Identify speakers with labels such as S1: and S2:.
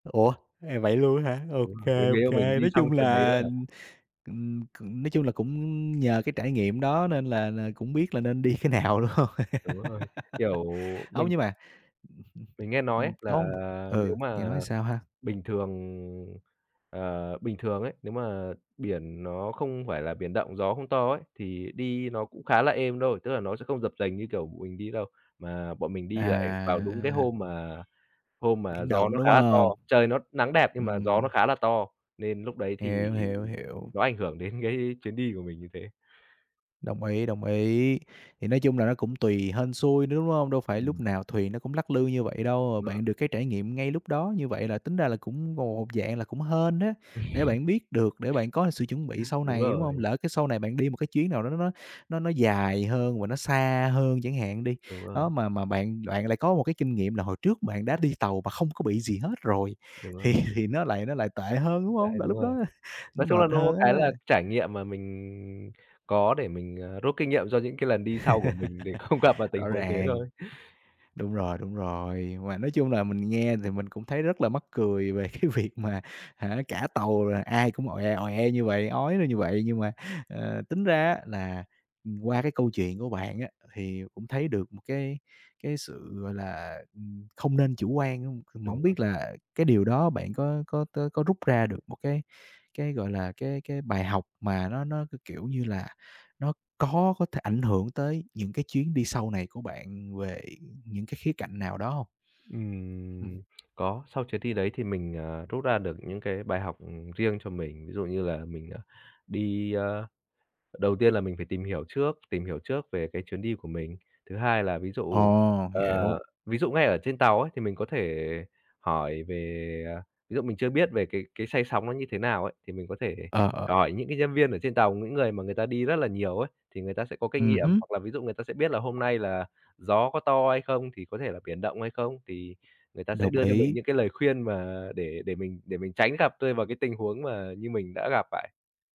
S1: Ủa, à, vậy luôn á hả?
S2: Đúng
S1: OK,
S2: rồi, bởi nếu
S1: OK,
S2: là mình đi
S1: nói
S2: xong
S1: chung
S2: chuyến đấy nữa
S1: là
S2: là
S1: ừm, ừm, c nói chung là cũng nhờ cái trải nghiệm đó nên là là cũng biết là nên đi cái nào, đúng hông?
S2: Đúng rồi, kiểu,
S1: Hông,
S2: mình
S1: nhưng mà ừm,
S2: mình nghe nói
S1: ừm,
S2: ấy
S1: ừm.
S2: là
S1: Hông ừ,
S2: nếu
S1: nghe
S2: mà
S1: nói sao ha?
S2: bình thường, ờ, bình thường ấy, nếu mà biển nó không phải là biển động, gió không to ấy, thì đi nó cũng khá là êm thôi, tức là nó sẽ không dập dềnh như, kiểu, b mình đi đâu. Mà bọn mình đi lại vào đúng cái
S1: À.
S2: hôm mà hôm mà
S1: Biển
S2: gió
S1: động,
S2: nó
S1: đúng
S2: khá là to,
S1: hông?
S2: trời nó nắng đẹp nhưng mà gió nó
S1: Ừm.
S2: khá là to, nên lúc đấy thì
S1: Hiểu, hiểu, hiểu.
S2: nó ảnh hưởng đến cái chuyến đi của mình như thế.
S1: Đồng ý, đồng ý, thì nói chung là nó cũng tùy, hên xui nữa, đúng hông? Đâu phải lúc
S2: Ừm.
S1: nào thuyền nó cũng lắc lư như vậy đâu,
S2: Đúng rồi.
S1: bạn được cái trải nghiệm ngay lúc đó như vậy là tính ra là cũng gồ một dạng là cũng hên á, để bạn biết được, để bạn có sự chuẩn bị sau
S2: Đúng
S1: này, đúng hông?
S2: rồi.
S1: Lỡ cái sau này bạn đi một cái chuyến nào đó nó nó nó nó dài hơn và nó xa hơn chẳng hạn đi,
S2: Đúng rồi.
S1: đó, mà mà bạn bạn lại có một cái kinh nghiệm là hồi trước bạn đã đi tàu mà không có bị gì hết rồi,
S2: Đúng
S1: thì
S2: rồi.
S1: thì nó lại nó lại tệ hơn, đúng
S2: Đấy,
S1: hông? Là
S2: đúng
S1: lúc
S2: rồi.
S1: đó, à, nó
S2: Nói chung là
S1: mệt
S2: nó có một
S1: hơn
S2: cái là
S1: á.
S2: trải nghiệm mà mình có để mình, à, rút kinh nghiệm cho những cái lần đi sau của mình để không gặp vào tình
S1: Rõ
S2: huống thế
S1: ràng.
S2: thôi.
S1: Đúng rồi, đúng rồi, mà nói chung là mình nghe thì mình cũng thấy rất là mắc cười về cái việc mà hả, cả tàu rồi ai cũng oẹ, oẹ như vậy, ói ra như vậy. Nhưng mà, ờ, tính ra á là, ừm, qua cái câu chuyện của bạn á thì cũng thấy được một cái cái sự, gọi là, ừm, không nên chủ quan hông. C mà
S2: Đúng
S1: hổng
S2: rồi.
S1: biết là cái điều đó bạn có có tó có rút ra được một cái cái, gọi là, cái cái bài học mà nó nó, c kiểu như là, nó có có thể ảnh hưởng tới những cái chuyến đi sau này của bạn về những cái khía cạnh nào đó hông? Ừm.
S2: Ừm, có. Sau chuyến ty đấy thì mình, ờ, rút ra được những cái bài học, ừm, riêng cho mình. Ví dụ như là mình, à, đi a, đầu tiên là mình phải tìm hiểu trước tìm hiểu trước về cái chuyến đi của mình. Thứ hai là ví dụ
S1: Ồ,
S2: ờ,
S1: hiểu.
S2: ví dụ ngay ở trên tàu ấy thì mình có thể hỏi về, ờ, ví dụ mình chưa biết về cái cái say sóng nó như thế nào ấy, thì mình có thể
S1: Ờ, ờ.
S2: hỏi những cái nhân viên ở trên tàu, những người mà người ta đi rất là nhiều ấy, thì người ta sẽ có kinh
S1: Ừm
S2: nghiệm.
S1: hứm.
S2: Hoặc là ví dụ người ta sẽ biết là hôm nay là gió có to hay không, thì có thể là biển động hay không, thì người ta sẽ
S1: Đồng
S2: đưa cho mình
S1: ý.
S2: những cái lời khuyên mà để để mình để mình tránh gặp rơi vào cái tình huống mà như mình đã gặp phải.